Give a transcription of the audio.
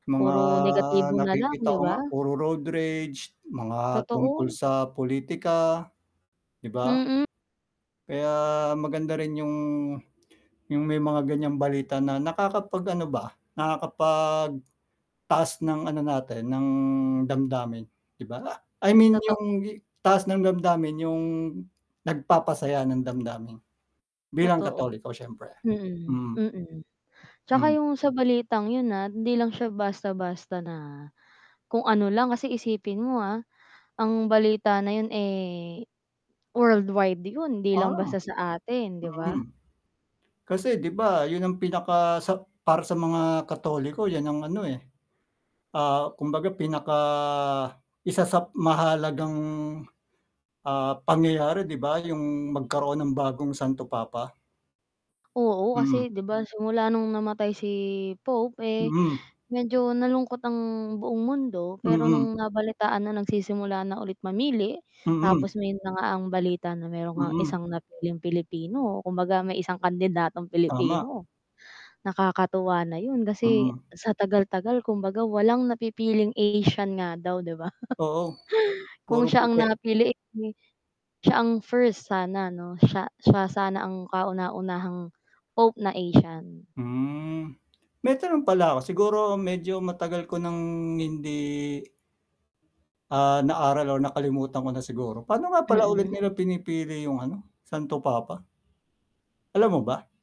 Mga Puro negatibo na lang, nakikita 'di ko ba? nga puro road rage, mga tungkol Totoo. sa politika, 'di ba? Mm. Kaya maganda rin 'yong 'yong may mga ganiyang balita na nakakapag-ano ba, nakakapagtaas ng ano natin, ng damdamin, 'di ba? I mean, Totoo. 'yong taas ng damdamin, 'yong nagpapasaya ng damdamin bilang Totoo, Katoliko siyempre, mhm, mm. mm. 'Tsaka Mhm. 'yong sa balitang 'yon, ah, hindi lang siya basta-basta na kung ano lang. Kasi isipin mo ah, ang balita na 'yon, eh, worldwide 'yon. Hindi lang Ah. basta sa atin, 'di ba? Mm. Kasi 'di ba 'yon ang pinaka sa para sa mga Katoliko 'yan ang ano, eh. Ah, kumbaga pinaka isa sa mahahalagang, ah, pangyayari, 'di ba, 'yong magkaroon ng bagong Santo Papa. Oo Mm. kasi, 'di ba, simula no'ng namatay si Pope, eh, Mm. medyo nalungkot ang buong mundo. Pero Mm. no'ng nabalitaan na nagsisimula na ulit mamili, Mm. tapos may na nga ang balita na mayro'n ngang Mm. isang napiling Pilipino, kumbaga may isang kandidatong Tama. Pilipino. Nakakatuwa na 'yon kasi Mm. sa tagal-tagal, kumbaga walang napipiling Asian nga daw, 'di ba. Oo, Kung puro siya ang puti. napili, eh, 'di siya ang first sana 'no, siya siya sana ang kauna-unahang pope na Asian. Hmm, may tanong pala ako siguro medyo matagal ko nang hindi ah, naaral o nakalimutan ko na siguro, paano nga pala ulit Mm. nila pinipili 'yong, ano, Santo Papa? Alam mo ba?